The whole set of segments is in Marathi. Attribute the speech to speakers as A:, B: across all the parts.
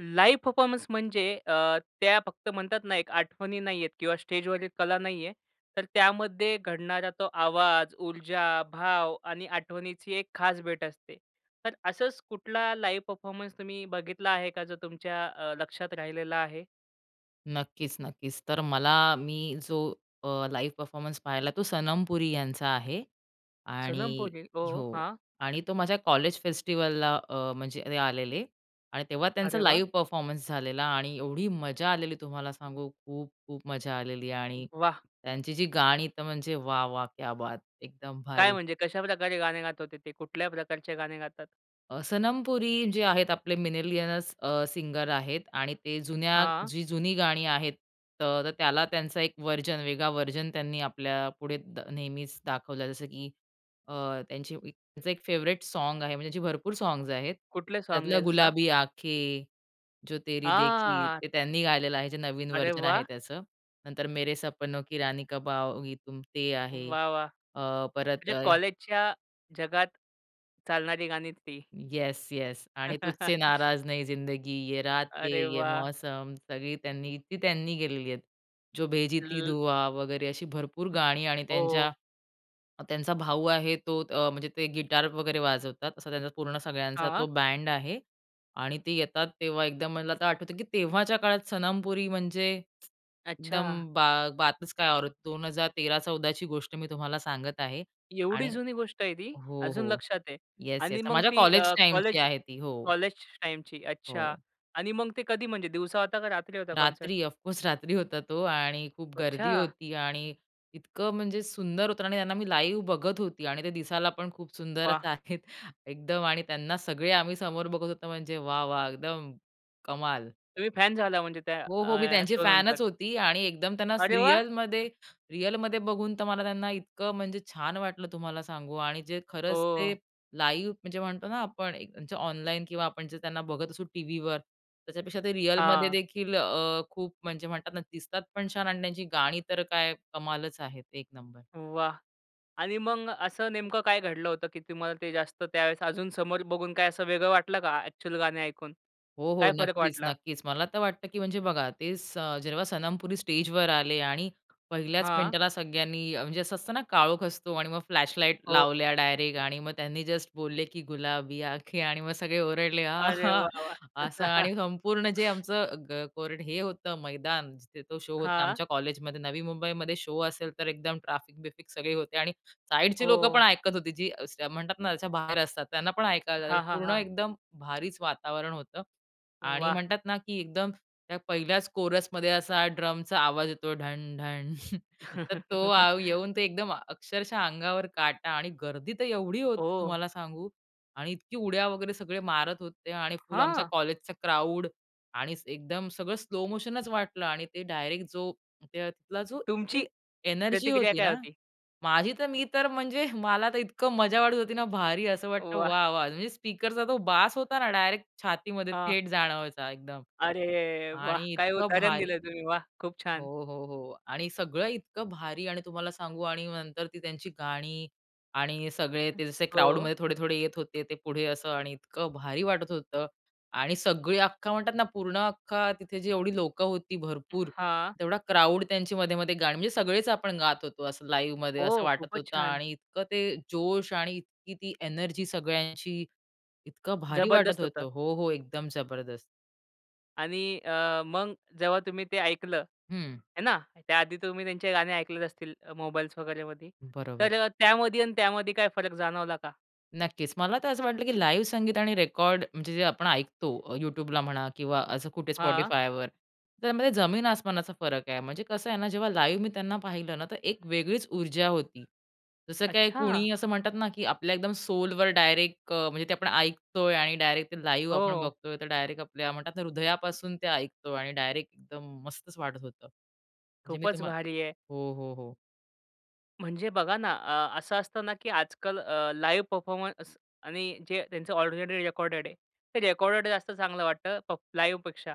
A: लाईव्ह परफॉर्मन्स म्हणजे अ, त्या फक्त म्हणतात ना, एक आठवणी नाहीयेत किंवा स्टेजवरील कला नाहीये. तर त्यामध्ये घडणारा तो आवाज, ऊर्जा, भाव आणि आठवणीची एक खास भेट असते. तर असंच कुठला लाईव्ह परफॉर्मन्स तुम्ही बघितला आहे का, जो तुमच्या अ, लक्षात राहिलेला आहे?
B: नक्कीच, नक्कीच. तर मला मी जो अ, लाईव्ह परफॉर्मन्स पाहिला, तो सनम पुरी यांचा आहे.
A: सनम
B: आणि
A: पुरी. ओ,
B: हो.
A: हां.
B: आणि तो माझ्या कॉलेज फेस्टिवलला अ, म्हणजे ते आलेले आणि तेव्हा त्यांचा
A: अरे वा!
B: लाईव्ह परफॉर्मन्स झालेला. आणि एवढी मजा आलेली तुम्हाला सांगू खूप-खूप मजा आलेली. आणि
A: वाह!
B: त्यांची जी गाणी तर म्हणजे वाह! वाह! क्या बात! एकदम
A: काय
B: भारी.
A: म्हणजे, कशा प्रकारे गाणे गात होते ते? कुठल्या प्रकारचे गाणे गातात?
B: अ, 'सनम पुरी' जे आहेत आपले मिनीलियनस अ, सिंगर आहेत आणि ते जुन्या
A: हां.
B: जी जुनी गाणी आहेत. तर त्याला त्यांचा एक व्हर्जन, वेगळा व्हर्जन त्यांनी आपल्यापुढे नेहमीच दाखवलं. जसं की अ, त्यांची त्यांचं एक फेवरेट साँग आहे, म्हणजे त्यांचे भरपूर साँग्स आहेत.
A: कुठले साँग्स
B: त्यातलं
A: आहे जसा?
B: गुलाबी आँखें, जो
A: आ,
B: तेरी देखी
A: हां.
B: ते त्यांनी गायलेलं आहे, जे नवीन
A: अरे
B: व्हर्जन आहे
A: वा!
B: त्याचं. नंतर मेरे सपनों, की रानी कब आओगी तुम ते आहे.
A: वाह! वाह!
B: अ, परत
A: म्हणजे
B: अय
A: कॉलेजच्या, जगात, चालणारी गाणी ती.
B: येस! येस! आणि तुझसे नाराज नहीं जिंदगी, ये रातें
A: अरे
B: ये
A: वाह!
B: मौसम सगळी त्यांनी ती त्यांनी केलेली आहेत. जो भेजी थी
A: [unintelligible]
B: दुआ वगैरे अशी भरपूर गाणी आणि त्यांच्या
A: ओ.
B: त्यांचा भाऊ आहे तो अ, म्हणजे ते गिटार वगैरे वाजवतात, असा त्यांचा पूर्ण सगळ्यांचा तो
A: हां.
B: बँड आहे. आणि ते येतात तेव्हा एकदम मला आता आठवतं, की तेव्हाच्या काळात सनम पुरी म्हणजे
A: अच्छा.
B: एकदम बा बातच काय औरच. 2013-14ची गोष्ट मी तुम्हाला सांगत आहे.
A: एवढी
B: आणि
A: जुनी गोष्ट आहे ती,
B: हो,
A: अजून
B: हो.
A: लक्षात आहे.
B: Yes, yes.
A: आणि मग
B: माझ्या
A: ती
B: कॉलेज
A: अ,
B: टाईमची
A: कॉलेज
B: आहे ती हो.
A: कॉलेज टाइमची, अच्छा.
B: हो.
A: आणि मग ते कधी, म्हणजे दिवसा होता का रात्री होता कॉन्सर्ट?
B: रात्री, ऑफकोर्स रात्री होता तो. आणि खूप गर्दी
A: अच्छा!
B: होती आणि इतकं म्हणजे सुंदर होतं आणि त्यांना मी लाईव्ह बघत होती आणि ते दिसायला पण खूप सुंदरच
A: वाह!
B: आहेत, एकदम. आणि त्यांना सगळे आम्ही समोर बघत होतो म्हणजे वाह! वाह! एकदम कमाल!
A: तुम्ही फॅन झाला म्हणजे त्या,
B: हो, हो. मी
A: अ,
B: त्यांची
A: शो नंतर?
B: फॅनच होती आणि एकदम त्यांना असं
A: अरे वा!
B: रिअलमध्ये, रिअलमध्ये बघून तर मला त्यांना इतकं म्हणजे छान वाटलं तुम्हाला सांगू. आणि जे खरंच ते
A: ओ.
B: लाईव्ह, म्हणजे म्हणतो ना आपण एक त्यांच्या ऑनलाईन किंवा आपण जे त्यांना बघत असू टीव्हीवर, त्याच्यापेक्षा ते रिअलमध्ये
A: हां.
B: देखील अ, खूप म्हणजे म्हणतात ना, दिसतात पण छान आणि त्यांची गाणी तर काय कमालच आहेत. एक नंबर!
A: वाह! आणि मग असं नेमकं काय घडलं होतं की, तुम्हाला ते जास्त त्यावेळेस अजून समोर बघून काय असं वेगळं वाटलं का, ॲक्चुअल गाणे ऐकून?
B: हो, हो.
A: काय फरक
B: नक्कीच,
A: वाटला?
B: नक्कीच. मला तर वाटतं, की म्हणजे बघा ते स जेव्हा सनम पुरी स्टेजवर आले आणि पहिल्याच
A: हां.
B: मिनिटाला सगळ्यांनी अ, म्हणजे असं असतं ना, काळोख असतो आणि मग फ्लॅशलाईट
A: हो.
B: लावल्या डायरेक्ट. आणि मग त्यांनी जस्ट बोलले, की गुलाबी आँखें आणि मग सगळे ओरडले
A: अरे
B: आहां!
A: वाह! वाह!
B: असं. आणि संपूर्ण जे आमचं ग कोरडं हे होतं मैदान जिथे तो शो होता,
A: हां.
B: आमच्या कॉलेजमध्ये, नवी मुंबईमध्ये शो असेल तर एकदम ट्रॅफिक-बिफिक सगळे होते. आणि साईडचे लोकंपण
A: हो.
B: ऐकत होती जी असं म्हणतात ना, त्याच्या बाहेर असतात, त्यांना पण ऐकायला जाईल,
A: हां, हां,
B: पूर्ण
A: हां.
B: एकदम भारीच वातावरण होतं. आणि
A: वाह!
B: म्हणतात ना, की एकदम त्या पहिल्याच कोरसमध्ये असा ड्रमचा आवाज येतो ढण, ढण, तर तो आव येऊन ते एकदम, अक्षरशः अंगावर काटा आणि गर्दी तर एवढी होती
A: ओह.
B: तुम्हाला सांगू. आणि इतकी उड्या वगैरे सगळे मारत होते आणि फुल आमच्या
A: हां.
B: कॉलेजचा क्राउड आणि एकदम सगळं स्लो मोशनच वाटलं आणि ते डायरेक्ट जो त्या तिथला जो तिथली
A: तुमची,
B: एनर्जी
A: प्रतिक्रिया
B: होती
A: काय
B: ना,
A: होती?
B: माझी तर मी तर म्हणजे मला तर इतकं मजा वाटत होती ना, भारी असं वाटतं
A: वाह!
B: वा! वा! म्हणजे स्पीकरचा तो बास होता ना, डायरेक्ट छातीमध्ये
A: हां.
B: थेट जाणवायचा एकदम.
A: अरे वाह!
B: आणि
A: काय
B: इतकं
A: उदाहरण
B: भारी
A: दिलं तुम्ही. वाह! खूप
B: हो,
A: छान.
B: हो, हो. आणि सगळं इतकं भारी आणि तुम्हाला सांगू आणि नंतर ती त्यांची गाणी आणि सगळे
A: हं.
B: ते जसे
A: हो.
B: क्राउडमध्ये थोडे-थोडे येत होते, ते पुढे असं आणि इतकं भारी वाटत होतं. आणि सगळी अख्खा म्हणतात ना, पूर्ण अख्खा तिथे जेवढी लोकं होती भरपूर,
A: हां.
B: तेवढा क्राउड त्यांची मधे-मधे गाणी म्हणजे सगळेच आपण गात होतो, असं लाईव्हमध्ये असं
A: हो,
B: वाटत
A: खूपच
B: होतं.
A: छान.
B: आणि इतकं ते जोश आणि इतकी ती एनर्जी सगळ्यांची, इतकं भारी वाटत
A: जबरदस्त
B: होतं.
A: होतं.
B: हो, हो. एकदम जबरदस्त.
A: आणि अ, मग जेव्हा तुम्ही ते ऐकलं,
B: हं.
A: आहे ना. त्याआधी तुम्ही त्यांचे गाणे ऐकले असतील, मोबाइल्स वगैरेमध्ये,
B: बरोबर.
A: तर त्यामध्ये आणि त्यामध्ये काय फरक जाणवला का?
B: नक्कीच. मला तर असं वाटलं की लाईव्ह संगीत आणि रेकॉर्ड, म्हणजे जे आपण ऐकतो अ, YouTubeला म्हणा किंवा असं कुठे
A: हां.
B: Spotifyवर, त्यामध्ये जमीन आसमानाचा फरक आहे. म्हणजे कसं आहे ना, जेव्हा लाईव्ह मी त्यांना पाहिलं ना, तर 1 वेगळीच ऊर्जा होती. जसं काय
A: अच्छा.
B: कुणी असं म्हणतात ना की आपल्या एकदम सोलवर डायरेक्ट अ, म्हणजे ते आपण ऐकतोय आणि डायरेक्ट ते लाईव्ह आपण
A: हो.
B: बघतोय, तर डायरेक्ट आपल्या म्हणतात ना, हृदयापासून ते ऐकतो आणि डायरेक्ट एकदम मस्तच वाटत होतं. म्हणजे मी
A: खूपच
B: तुम्हा
A: भारी आहे.
B: हो, हो, हो.
A: म्हणजे बघा ना अ, असं असतं ना की आजकाल अ, लाइव परफॉर्मन्स आणि जे त्यांचं ऑलरेडी रेकॉर्डेड आहे. ते रेकॉर्डेड जास्त चांगलं वाटतं प लाईव्हपेक्षा.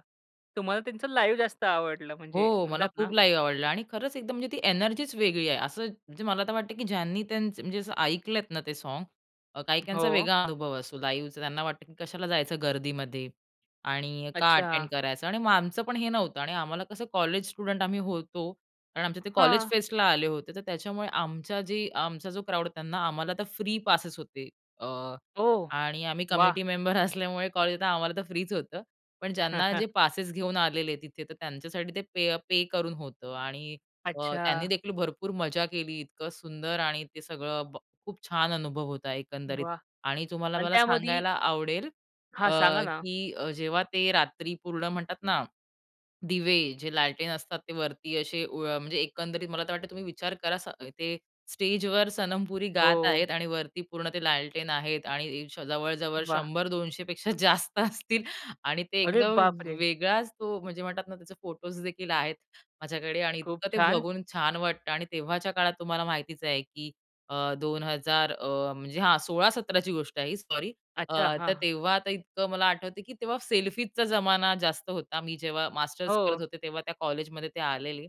A: तुम्हाला त्यांचं लाईव्ह जास्त आवडलं, म्हणजे
B: हो. मला
A: म्हणतात ना.
B: खूप लाईव्ह आवडलं आणि खरंच एकदम म्हणजे ती एनर्जीच वेगळी आहे. असं म्हणजे मला तर वाटतं की ज्यांनी त्यांचं म्हणजे असं ऐकलेत ना ते सॉन्ग, काही-काहींचा
A: हो.
B: वेगळा अनुभव असतो, लाईव्हचा. त्यांना वाटतं की कशाला जायचं गर्दीमध्ये? आणि का अटेंड
A: अच्छा.
B: करायचं? आणि मग आमचं पण हे नव्हतं आणि आम्हाला कसं कॉलेज स्टुडंट आम्ही होतो. कारण आमचे ते कॉलेज
A: हां.
B: फेस्टला आले होते, तर त्याच्यामुळे आमच्या जे, आमचा जो क्राउड त्यांना, आम्हाला तर फ्री पासेस होते. अ,
A: ओह!
B: आणि आम्ही
A: वाह!
B: कमिटी मेंबर असल्यामुळे कॉलेजला आम्हाला तर फ्रीच होतं. पण ज्यांना जे पासेस घेऊन आलेले तिथे, तर त्यांच्यासाठी ते पे अ, पे करून होतं आणि अ, त्यांनी
A: अच्छा.
B: देखील भरपूर मजा केली, इतकं सुंदर आणि ते सगळं ब खूप छान अनुभव होता एकंदरीत
A: वाह!
B: आणि तुम्हाला
A: आणि
B: मला
A: त्यामध्ये
B: सांगायला आवडेल अ,
A: हां, सांगा ना.
B: की अ, जेव्हा ते रात्री पूर्ण म्हणतात ना, दिवे जे लालटेन असतात ते वरती असे, व म्हणजे एकंदरीत मला तर वाटतं तुम्ही विचार करा, स ते स्टेजवर सनम पुरी गात
A: हो.
B: आहेत आणि वरती पूर्ण ते लालटेन आहेत आणि श जवळ-जवळ
A: वाह!
B: 100-200 पेक्षा जास्त असतील आणि ते
A: अरे
B: एकदम
A: बापरे!
B: वेगळाच तो, म्हणजे म्हणतात ना, त्याचे फोटोज देखील आहेत माझ्याकडे आणि
A: खूप
B: इतकं ते
A: छान.
B: बघून छान वाटतं आणि तेव्हाच्या काळात तुम्हाला माहितीच आहे की अ, 2000 अ, म्हणजे हां 16-17ची गोष्ट आहे ही, सॉरी. अ,
A: अच्छा,
B: तर
A: हां.
B: तेव्हा आता इतकं मला आठवतं की तेव्हा सेल्फीजचा ज़माना जास्त होता, मी जेव्हा मास्टर्स करत
A: हो.
B: होते, तेव्हा त्या कॉलेजमध्ये ते आलेले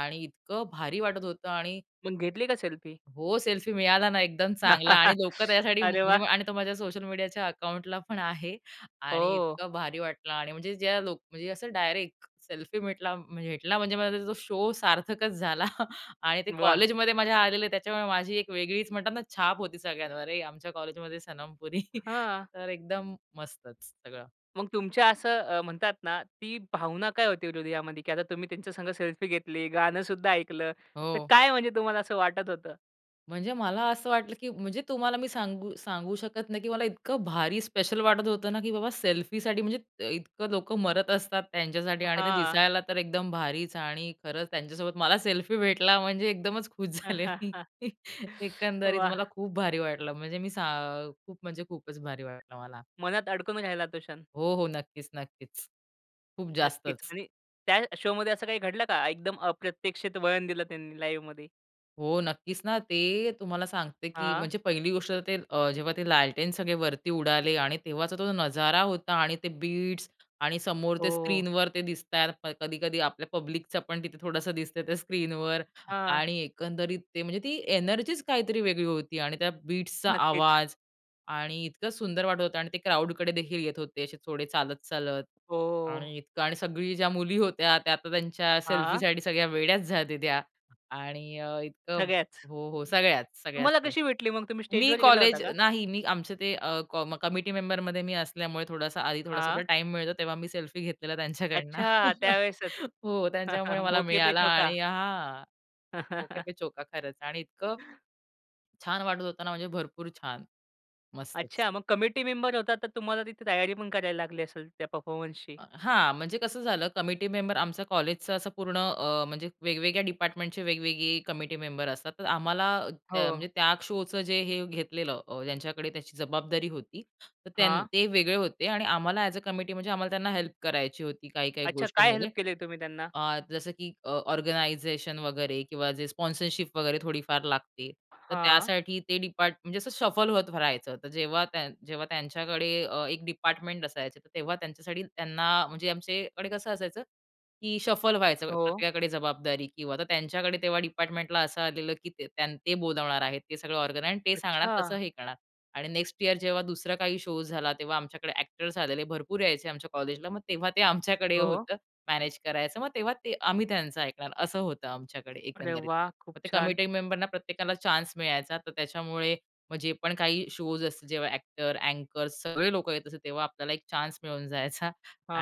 B: आणि इतकं भारी वाटत होतं आणि
A: मग घेतली का सेल्फी?
B: हो. सेल्फी मिळाला ना, एकदम चांगला आणि लोकं त्यासाठी,
A: अरे
B: म्हणजे
A: वाह!
B: मग आणि तो माझ्या सोशल मीडियाच्या अकाऊंटला पण आहे. आणि
A: ओह!
B: इतकं भारी वाटलं आणि म्हणजे ज्या लोक म्हणजे असं डायरेक्ट सेल्फी भेटला भेटला, म्हणजे माझा तो शो सार्थकच झाला आणि ते
A: वाह!
B: कॉलेजमध्ये माझ्या आलेले, त्याच्यामुळे माझी एक वेगळीच म्हणतात ना, छाप होती सगळ्यांवर. अरे आमच्या कॉलेजमध्ये सनमपुरी,
A: हां.
B: तर एकदम मस्तच सगळं.
A: मग तुमच्या असं अ, म्हणतात ना, ती भावना काय होती हृदयामध्ये की आता तुम्ही त्यांच्या संग सेल्फी घेतली, गाणं सुद्धा ऐकलं, तर
B: हो.
A: काय, म्हणजे तुम्हाला असं वाटत होतं?
B: म्हणजे मला असं वाटलं, की म्हणजे तुम्हाला मी सांगू, सांगू शकत नाही, की मला इतकं भारी, स्पेशल वाटत होतं ना, की बाबा सेल्फीसाठी म्हणजे, इतकं लोक मरत असतात त्यांच्यासाठी आणि ते
A: हां.
B: दिसायला तर एकदम भारीच आणि खरंच त्यांच्यासोबत मला सेल्फी भेटला म्हणजे एकदमच खुश
A: हां,
B: झाले
A: हां,
B: मी.
A: हां.
B: एकंदरीत
A: वाह!
B: मला खूप भारी वाटलं. म्हणजे मी सा खूप म्हणजे खूपच भारी वाटलं मला.
A: मनात अडकून राहला तो क्षण.
B: हो, हो नक्कीच-नक्कीच. खूप
A: नक्कीच
B: जास्तच.
A: आणि त्या शोमध्ये असं काही घडलं का? एकदम, अप्रत्यक्षित वळण दिलं त्यांनी लाईव्हमध्ये.
B: हो नक्कीच ना, ते तुम्हाला सांगते की
A: हां.
B: म्हणजे पहिली गोष्ट तर, ते जेव्हा ते लालटेन सगळे वरती उडाले आणि तेव्हाचा तो नजारा होता आणि ते बीट्स आणि समोर
A: हो,
B: ते
A: हो.
B: स्क्रीनवर ते दिसताय. कधी-कधी आपल्या पब्लिकचं पण तिथे थोडंसं दिसतंय, त्या स्क्रीनवर.
A: हां.
B: आणि एकंदरीत ते म्हणजे, ती एनर्जीच काहीतरी वेगळी होती आणि त्या बीट्सचा
A: नक्कीच.
B: आवाज आणि इतकं सुंदर वाटत होतं आणि ते क्राउडकडे देखील येत होते असे थोडे चालत-चालत.
A: हो.
B: आणि इतकं आणि सगळी ज्या मुली होत्या त्या आता त्यांच्या
A: हां.
B: सेल्फीसाठी सगळ्या वेड्याच झालते, त्या आणि इतकं
A: सगळ्याच.
B: हो, हो सगळ्याच, सगळ्याच.
A: तुम्हाला कशी भेटली मग, तुम्ही
B: मी
A: स्टेजवर गेला होता
B: कॉलेज
A: का?
B: नाही, मी आमचे ते कमिटी मेंबरमध्ये मी असल्यामुळे थोडासा आधी,
A: हां.
B: थोडासा टाईम मिळतो तेव्हा, मी सेल्फी घेतलेला त्यांच्याकडनं.
A: अच्छा. त्यावेळेसच.
B: हो, त्यांच्यामुळे मला मिळाला
A: मोके-पे-चौका.
B: आणि हा, "मौके-पे-चौका" खरंच आणि इतकं छान वाटत होत ना, म्हणजे भरपूर छान. मस्तच.
A: अच्छा मग कमिटी मेंबर होतात, तर तुम्हाला तिथे तयारी पण करायला लागली असेल त्या परफॉर्मन्सशी?
B: हां, म्हणजे कसं झालं कमिटी मेंबर कॉलेजचं असं पूर्ण अ, म्हणजे वेगवेगळ्या डिपार्टमेंटचे वेगवेगळी कमिटी मेंबर असतात. तर आम्हाला, म्हणजे
A: हो.
B: त्या शोचं जे हे घेतलेलं, ज्यांच्याकडे त्याची जबाबदारी होती. तर त्यांनी,
A: हां.
B: ते वेगळे होते आणि आम्हाला एज-अ कमिटी म्हणजे आम्हाला त्यांना हेल्प करायची होती, काही-काही
A: अच्छा. काय
B: गोष्टींमध्ये.
A: हेल्प तुम्ही त्यांना?
B: अ, जसं की ऑर्गनायझेशन वगैरे, किंवा जे स्पॉन्सरशिप वगैरे थोडीफार लागते तर
A: हां.
B: त्यासाठी ते डिपार्ट म्हणजे जसं शफल होत राहायचं, तर जेव्हा त्या, जेव्हा त्यांच्याकडे अ, एक डिपार्टमेंट असायचं तर तेव्हा त्यांच्यासाठी त्यांना म्हणजे आमच्याकडे कसं असायचं, की शफल व्हायचं
A: हो.
B: प्रत्येकाकडे जबाबदारी किंवा तर त्यांच्याकडे तेव्हा डिपार्टमेंटला असं आलेलं, की त्यां ते, बोलावणार आहेत ते सगळं ऑर्गन आहे आणि ते सांगणार तसं
A: अच्छा!
B: हे करणार, आणि नेक्स्ट ईअर जेव्हा दुसरा काही शो झाला, तेव्हा आमच्याकडे एक्टर्स आलेले, भरपूर यायचे आमच्या कॉलेजला, मग तेव्हा ते आमच्याकडे
A: हो.
B: होतं, मॅनेज करायचं मग तेव्हा ते आम्ही त्यांचं ऐकणार असं होतं आमच्याकडे एकंदरीत.
A: अरे-वाह, खूप
B: मग ते
A: छान.
B: कमिटी मेंबरना प्रत्येकाला चान्स मिळायचा, तर त्याच्यामुळे मग जे पण काही शोज असतात जेव्हा एक्टर, अँकर्स सगळे लोकं येत असतात, तेव्हा आपल्याला एक चान्स मिळून जायचा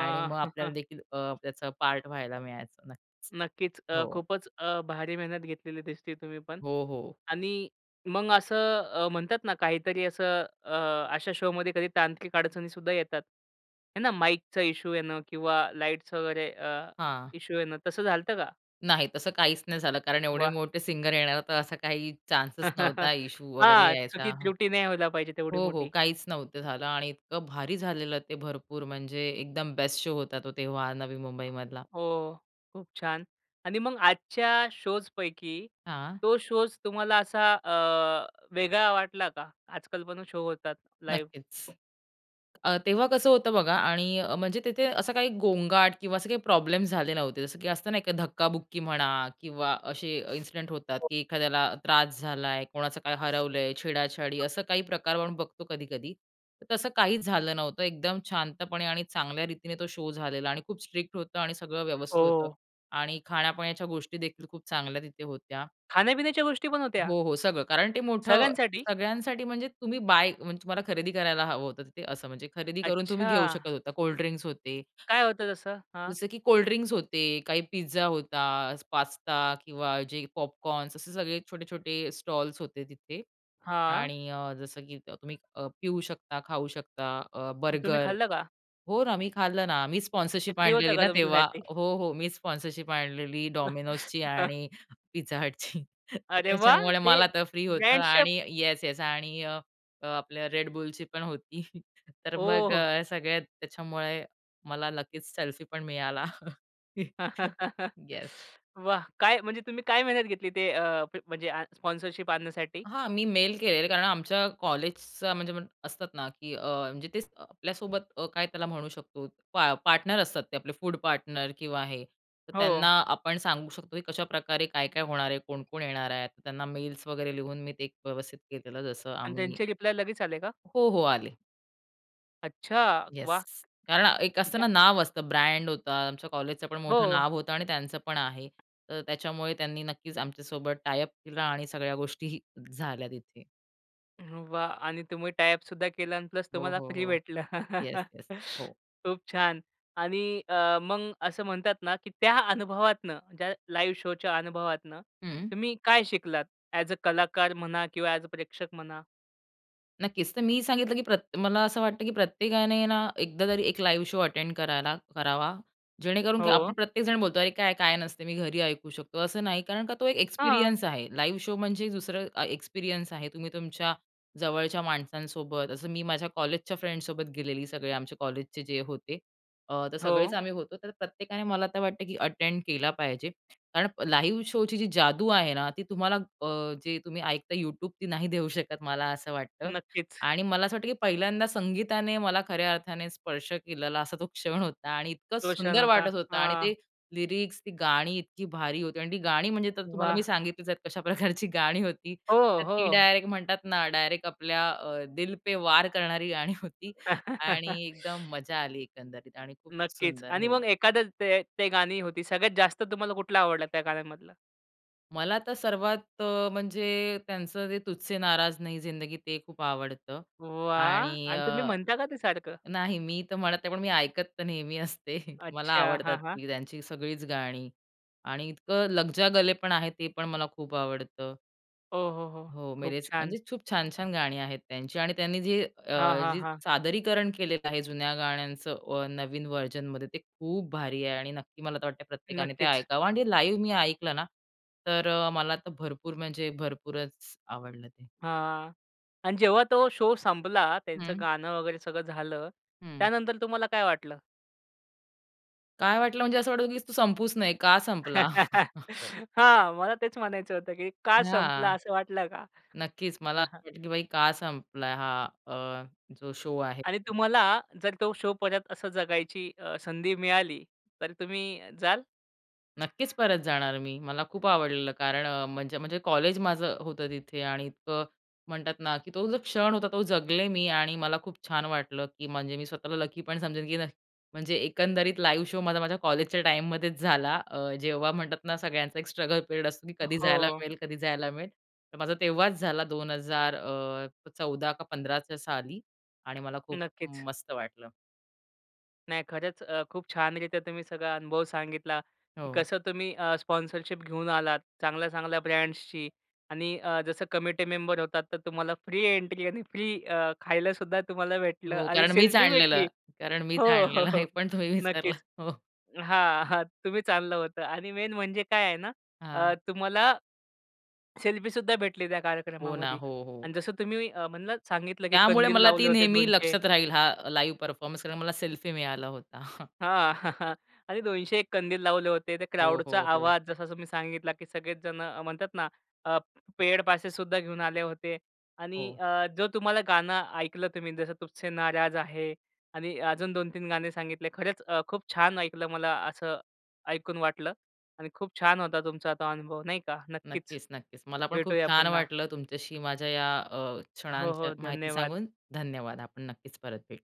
B: आणि मग आपल्याला देखील त्याचा पार्ट व्हायला मिळायचं नक्कीच.
A: नक्कीच. अ,
B: हो.
A: खूपच अ, भारी मेहनत घेतलेली दिसते तुम्ही पण.
B: हो, हो.
A: आणि मग असं अ, म्हणतात ना, काहीतरी असं, अ, अशा शोमध्ये कधी तांत्रिक अडचणीसुद्धा येतात. आहे ना माईकचा इशू येणं, किंवा लाईट्स वगैरे
B: हां.
A: इशू येणं, तसं झालतं का?
B: नाही तसं काहीच नाही झालं. कारण एवढे
A: वाह!
B: मोठे सिंगर येणार तर असा काही चान्सच नव्हता इश्शू वगैरे
A: हां,
B: यायचा.
A: चुकीत त्रुटी नाही व्हायला पाहिजे तेवढी
B: हो, हो
A: मोठी.
B: काहीच नव्हतं झालं आणि इतकं भारी झालेलं ते भरपूर म्हणजे एकदम बेस्ट शो होता तो तेव्हा नवी मुंबईमधला.
A: हो, खूप-छान. आणि मग आजच्या शोजपैकी
B: हां.
A: तो शोज तुम्हाला असा, अ, वेगळा वाटला का? आजकाल पण शो होतात लाईव्ह.
B: नक्कीच. अ, तेव्हा कसं होतं बघा आणि म्हणजे तिथे असं काही गोंगाट किंवा असं काही प्रॉब्लेम झाले नव्हते, जसं की असतं नाही का, धक्काबुक्की म्हणा किंवा असे इन्सिडेंट होतात, की एखाद्याला त्रास झाला आहे, कोणाचं काय हरवलंय, छेडा-छाडी असं काही प्रकार आपण बघतो कधी-कधी. तसं काहीच झालं नव्हतं एकदम शांतपणे आणि चांगल्या रीतीने तो शो झालेला आणि खूप स्ट्रिक्ट होतं आणि सगळं व्यवस्थित होतं
A: हो.
B: आणि खाण्यापिण्याच्या गोष्टी देखील खूप चांगल्या तिथे होत्या.
A: खाण्यापिण्याच्या गोष्टी पण होत्या?
B: हो, हो सगळं. कारण ते मोठं,
A: सगळ्यांसाठी?
B: सगळ्यांसाठी म्हणजे तुम्ही बाय, म्हणजे, तुम्हाला खरेदी करायला हवं होतं, ते असं म्हणजे खरेदी करून तुम्ही घेऊ
A: अच्छा!
B: शकत होता. कोल्ड ड्रिंक्स होते.
A: काय होतं तसं? हां.
B: जसं, की कोल्ड ड्रिंक्स होते, काही पिझ्झा होता, पास्ता किंवा जे पॉपकॉर्न असे सगळे छोटे-छोटे स्टॉल्स होते तिथे.
A: हां.
B: आणि जसं की तुम्ही पिऊ शकता, खाऊ शकता, अ,
A: तुम्ही
B: बर्गर.
A: खाल्लं का?
B: हो, ना मी खाल्लं ना. मी
A: ते
B: स्पॉन्सरशिप
A: फ्री होतं
B: आणलेली
A: का,
B: ना तेव्हा.
A: तुमच्यासाठी?
B: हो, हो मी स्पॉन्सरशिप आणलेली Domino'sची आणि Pizza Hutची. तर
A: अरे वाह!
B: त्याच्यामुळे
A: ते
B: मला तर फ्री होतं
A: ब्रँड शेप.
B: आणि येस-येस आणि आपल्या Red Bullची पण होती तर
A: ओ,
B: मग
A: हो.
B: सगळ्या त्याच्यामुळे मला लकीच, सेल्फीपण मिळाला. येस.
A: वाह! काय म्हणजे तुम्ही काय मेहनत घेतली? ते, अ, म्हणजे स्पॉन्सरशिप आणण्यासाठी?
B: हा, मी मेल केलेले. कारण आमच्या कॉलेजचा म्हणजे असतात ना, की म्हणजे ते आपल्यासोबत काय त्याला म्हणू शकतो पा पार्टनर असतात ते आपले फूड पार्टनर किंवा हे, तर त्यांना
A: हो.
B: आपण सांगू शकतो, की कशाप्रकारे काय-काय होणार आहे, कोण-कोण येणार आहेत. तर त्यांना मेल्स वगैरे लिहून मी ते व्यवस्थित केलेलं जसं
A: आणि
B: आम्ही.
A: त्यांचे रिप्लाय लगेच आले का?
B: हो, हो आले.
A: अच्छा वाह!
B: येस. कारण एक असतं
A: त्या
B: ना, नाव असतं, ब्रँड होतं. आमचं कॉलेजचं पण मोठं
A: हो.
B: नाव होतं आणि त्यांचं पण आहे. तर त्याच्यामुळे त्यांनी नक्कीच आमच्यासोबत टायअप केला आणि सगळ्या गोष्टीही झाल्या तिथे.
A: वाह! आणि तुम्ही टायअपसुद्धा केला आणि प्लस
B: हो,
A: तुम्हाला
B: हो,
A: फ्री
B: हो.
A: भेटलं.
B: Yes, yes. हो.
A: खूप छान! आणि अ, मग असं म्हणतात ना, की त्या अनुभवातून त्या लाईव्ह शोच्या अनुभवातून,
B: हं.
A: तुम्ही काय शिकलात, ॲज अ कलाकार म्हणा किंवा ॲज अ प्रेक्षक म्हणा?
B: नक्कीच. तर मी सांगितलं की प्रत मला असं वाटतं, की प्रत्येकाने ना, एकदा तरी एक लाईव्ह शो अटेंड कराला करावा, जेणेकरून काय आपण
A: हो.
B: प्रत्येकजण बोलतो, "अरे, काय? काय नसतं, मी घरी ऐकू शकतो," असं नाही. कारण का, तो एक
A: हां.
B: एक्सपिरियन्स आहे. लाईव्ह शो म्हणजे दुसरं अ, एक्सपिरियन्स आहे. तुम्ही तुमच्या जवळच्या माणसांसोबत असं मी माझ्या कॉलेजच्या फ्रेंडसोबत गेलेली, सगळे आमच्या कॉलेजचे जे होते. अ, तर सगळेच
A: हो.
B: आम्ही होतो. तर प्रत्येकाने, मला तर वाटतं, की अटेंड केला पाहिजे. कारण लाईव्ह शोची जी जादू आहे ना, ती तुम्हाला अ, जे तुम्ही ऐकता YouTube, ती नाही देऊ शकत, मला असं वाटतं.
A: नक्कीच.
B: आणि मला असं वाटतं की पहिल्यांदा संगीताने मला खऱ्या अर्थाने स्पर्श केलेला असा तो क्षण होता. आणि इतकं
A: तो क्षण
B: सुंदर
A: होता.
B: वाटत होतं. आणि
A: हां.
B: ते लिरिक्स, ती गाणी इतकी भारी होती. आणि ती गाणी, म्हणजे तर तुम्हाला मी
A: वाह!
B: सांगितलेच आहे, कशा प्रकारची गाणी होती.
A: हो,
B: तर ती
A: हो.
B: डायरेक्ट, म्हणतात ना डायरेक्ट आपल्या अ, दिल पे वार करणारी गाणी होती. आणि एकदम मजा आली एकंदरीत आणि खूप
A: नक्कीच.
B: सुंदर
A: आणि
B: हो.
A: मग, एखादं ते ते गाणी होती, सगळ्यात जास्त तुम्हाला कुठलं आवडलं त्या गाण्यामधलं?
B: मला तर सर्वात अ, म्हणजे त्यांचं ते तुझसे नाराज नही ज़िंदगी ते खूप आवडतं.
A: वाह!
B: आणि
A: आणि तुम्ही
B: अ
A: म्हणता का ते सारखं?
B: नाही, मी तर म्हणत नाही, पण मी ऐकत तर नेहमी असते, मला
A: अच्छा.
B: आवडतात
A: हां, हां.
B: ती त्यांची सगळीच गाणी आणि इतकं लगजा गले पण आहे, ते पण मला खूप आवडतं.
A: ओ, हो, हो.
B: हो.
A: खूप
B: मेरेच
A: छान.
B: म्हणजे खूप छान-छान गाणी आहेत त्यांची आणि त्यांनी जे अ,
A: हां, हां,
B: जे
A: हां.
B: सादरीकरण केलेलं आहे जुन्या गाण्यांचं नवीन व्हर्जनमध्ये ते खूप भारी आहे. आणि नक्की मला तर वाटतं प्रत्येकाने ते
A: नक्कीच.
B: ऐकावं आणि ते लाईव्ह मी ऐकलं ना, तर मला तर भरपूर म्हणजे भरपूरच आवडलं ते.
A: हां आणि जेव्हा तो शो संपला, त्यांचं
B: हं.
A: गाणं वगैरे सगळं झालं,
B: हं.
A: त्यानंतर तुम्हाला काय वाटलं?
B: काय वाटलं म्हणजे, असं वाटत की तो संपूच नये, का संपला?
A: हां, मला तेच म्हणायचं होतं, की का संपलं
B: हां,
A: असं वाटलं का?
B: नक्कीच मला
A: हां, हां.
B: असं वाटलं, की बाई का संपला? हा अ, जो शो आहे.
A: आणि तुम्हाला जर तो शो परत असं जगायची अ, संधी मिळाली तर तुम्ही जाल?
B: नक्कीच परत जाणार मी, मला खूप आवडलेलं. कारण अ, म्हणजे म्हणजे कॉलेज माझं होतं तिथे आणि इतकं म्हणतात ना, की तो जो क्षण होता तो जगले मी आणि मला खूप छान वाटलं, की म्हणजे मी स्वतःला लक्की पण समजेन, की म्हणजे एकंदरीत लाईव्ह शो माझा माझ्या कॉलेजच्या टाईममध्येच झाला, अ, जेव्हा म्हणतात ना सगळ्यांचा एक स्ट्रगल पिरियड असतो, की कधी जायला
A: हो.
B: मिळेल, कधी जायला मिळेल. तर माझा तेव्हाच झाला 2000 अ, 14 का 15 च्या साली आणि मला खूप
A: नक्कीच.
B: मस्त वाटलं.
A: नाही खरंच, अ, खूप छानरीत्या तुम्ही सगळा अनुभव सांगितला, की
B: हो.
A: कसं तुम्ही अ, स्पॉन्सरशिप घेऊन आलात. चांगल्या, चांगल्या ब्रँड्सचीआणि अ, जसं कमिटी मेंबर होतात, तर तुम्हाला फ्री एंट्री आणि फ्री अ, खायलासुद्धा तुम्हाला भेटलं
B: हो
A: आणि
B: कारण मीच
A: सेल्फी भेटली.
B: आणलेलं, कारण
A: हो,
B: मीच
A: हो,
B: आणलेलं
A: हो.
B: हे पण तुम्ही विसरलात.
A: नक्कीच.
B: हो.
A: हां, हां. तुम्ही चाललं होतं आणि मेन म्हणजे काय आहे ना,
B: हां.
A: अ, तुम्हाला सेल्फी सुद्धा भेटली त्या
B: हो ना,
A: कार्यक्रमामध्ये
B: हो, हो.
A: आणि जसं तुम्ही म्हणलात सांगितलं की
B: त्यामुळे
A: कंदील
B: मला ती
A: लावले होते
B: नेहमी
A: 200
B: लक्षात राहील हा लाईव्ह परफॉर्मन्स, कारण मला सेल्फी मिळाला होता.
A: हां, आणि 201 कंदील लावले होते, ते
B: हो,
A: क्राउडचा
B: हो, हो.
A: आवाज जसा तुम्ही सांगितला की सगळेच जण म्हणतात ना अ पेड पासेससुद्धा घेऊन आले होते आणि
B: हो.
A: अ जो तुम्हाला गाणं ऐकलं तुम्ही जसं तुझसे नाराज आहे आणि अजून दोन तीन गाणे सांगितले खरंच अ खूप छान ऐकलं मला असं ऐकून वाटलं. आणि खूप छान होता तुमचा तो अनुभव नाही का, नक्कीच,
B: नक्कीच, नक्कीच. मला पण खूप
A: भेटूया
B: छान
A: पुन्हा.
B: वाटलं तुमच्याशी माझ्या या अ,
A: हो,
B: क्षणांच्या
A: हो,
B: माहिती
A: धन्यवाद.
B: सांगून, धन्यवाद. आपण नक्कीच परत भेटू.